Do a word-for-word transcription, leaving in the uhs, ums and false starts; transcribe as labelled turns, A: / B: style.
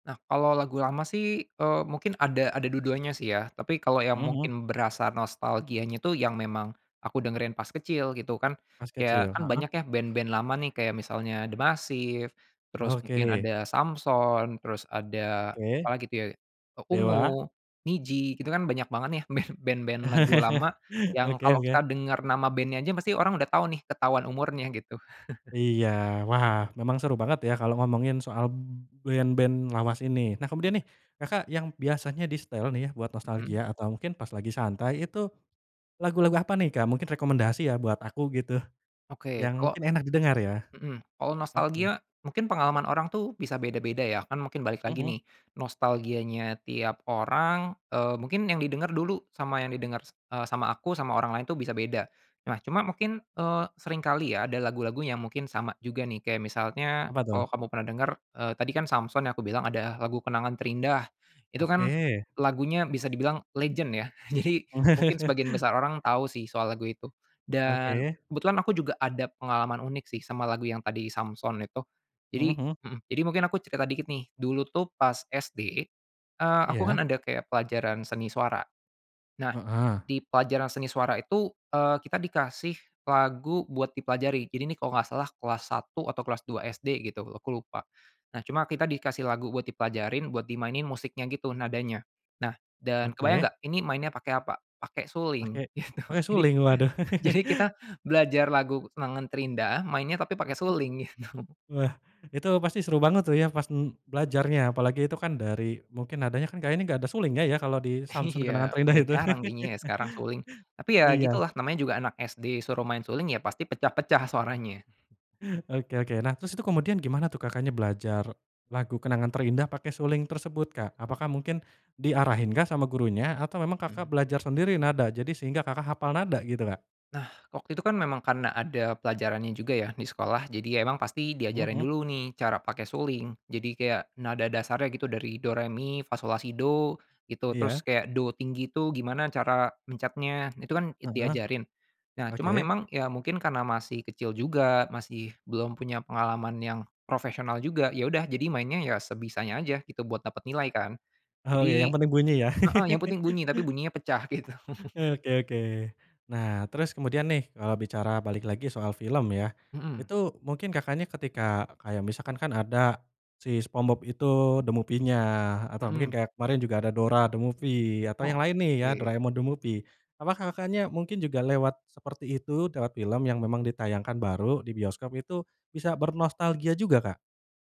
A: Nah, kalau lagu lama sih, eee, mungkin ada ada dua-duanya sih ya. Tapi kalau yang
B: Mhm mhm.
A: mungkin berasa nostalgianya itu yang memang aku dengerin pas kecil, gitu kan.
B: Pas
A: Kayak,
B: kecil?
A: kan banyak
B: Heeh.
A: ya, band-band lama nih, kayak misalnya D'Masiv terus mungkin
B: Oke.
A: ada Samson, terus ada apa
B: Oke.
A: lagi itu ya, eee,
B: Dewa?
A: Ungu, Nidji, itu kan banyak banget nih, band band-band lagu lama yang
B: Oke
A: kalau kita
B: oke.
A: denger nama bandnya aja pasti orang udah tahu nih, ketahuan umurnya, gitu.
B: Iya. Wah, memang seru banget ya, kalo ngomongin soal b band-band lawas ini. Nah, kemudian
A: Mhm.
B: nih, Kakak, yang biasanya disetel nih ya, buat
A: Mhm.
B: nostalgia atau mungkin pas lagi santai, itu lagu-lagu apa nih, Kak, mungkin rekomendasi ya, buat aku gitu,
A: Oke.
B: yang
A: Kalau
B: mungkin enak didengar ya?
A: mhm, kalo
B: Oke.
A: nostalgia mungkin pengalaman orang tuh bisa beda-beda ya. Kan mungkin balik
B: Mhm
A: lagi
B: mhm.
A: nih, nostalgianya tiap orang, eee, mungkin yang didenger dulu sama yang didenger, s eee, sama aku, sama orang lain tuh bisa beda. Nah, cuma mungkin, eee, seringkali ya, ada lagu-lagu yang mungkin sama juga nih, kayak misalnya
B: Apa tuh?
A: kalau kamu pernah denger, eee, tadi kan, Samson ya, aku bilang, ada lagu Kenangan Terindah. Itu kan
B: Oke.
A: lagunya bisa dibilang legend ya. Jadi mungkin sebagian besar orang tahu sih, soal lagu itu. Dan
B: Oke.
A: kebetulan aku juga ada pengalaman unik sih, sama lagu yang tadi Samson itu. Jadi
B: Mhm mhm.
A: mhm, jadi mungkin aku cerita dikit nih, dulu tuh pas S-D, eee, aku
B: Iya.
A: kan ada kayak pelajaran seni suara. Nah,
B: Heeh.
A: di pelajaran seni suara itu, eee, kita dikasih lagu buat dipelajari. Jadi, ini kalau nggak salah kelas satu atau kelas dua S-D gitu, aku lupa. Nah, cuma kita dikasih lagu buat dipelajarin buat dimainin musiknya gitu, nadanya. Nah dan kebayang
B: Oke.
A: nggak, ini mainnya pakai apa? Pakai suling,
B: Pakai
A: gitu.
B: pakai
A: Jadi
B: suling? Waduh.
A: jadi kita belajar lagu Kenangan Terindah, mainnya tapi pakai suling, gitu.
B: Wah, itu pasti seru banget tuh ya, pas, m belajarnya. Apalagi itu kan dari mungkin nadanya kan kayaknya nggak ada sulingnya ya, kalau di Samson
A: Iya,
B: Kenangan Terindah
A: udah
B: itu.
A: jarang kayaknya ya, sekarang suling. Tapi, ya
B: Iya.
A: gitulah, namanya juga anak S-D, disuruh main suling, ya pasti pecah-pecah suaranya.
B: Oke oke. Nah, terus itu kemudian gimana tuh, Kakaknya, belajar lagu Kenangan Terindah pakai suling tersebut, Kak? Apakah mungkin diarahin kah sama gurunya atau memang, Kakak,
A: Mhm.
B: belajar sendiri nada, jadi sehingga, Kakak, hafal nada gitu, Kak?
A: Nah, waktu itu kan memang karena ada pelajarannya juga ya, di sekolah. Jadi emang pasti
B: Mhm
A: diajarin
B: mhm.
A: dulu nih, cara pakai suling. Jadi kayak nada dasarnya gitu, dari do, re, mi, fa, so, la, si, do, gitu. Terus
B: Iya.
A: kayak do tinggi itu gimana cara mencetnya, itu kan, eee,
B: Heeh.
A: diajarin. Nah, cuma
B: Oke.
A: memang, ya mungkin karena masih kecil juga, masih belum punya pengalaman yang profesional juga, ya udah, jadi mainnya ya sebisanya aja gitu, buat dapet nilai kan.
B: Oh iya, yang
A: Jadi
B: penting bunyi ya?
A: heeh, yang penting bunyi, tapi bunyinya pecah, gitu.
B: Oke oke. Nah, terus kemudian nih, kalau bicara balik lagi soal film ya.
A: Mhm.
B: Itu mungkin, Kakaknya, ketika, eee, kayak misalkan, kan ada si Spongebob itu The Movie-nya atau
A: Mhm.
B: mungkin kayak kemarin juga ada Dora The Movie atau yang lain nih ya,
A: Oke.
B: Doraemon The Movie. Apakah, Kakaknya, mungkin juga lewat seperti itu, lewat film yang memang ditayangkan baru di bioskop. Itu bisa bernostalgia juga, Kak?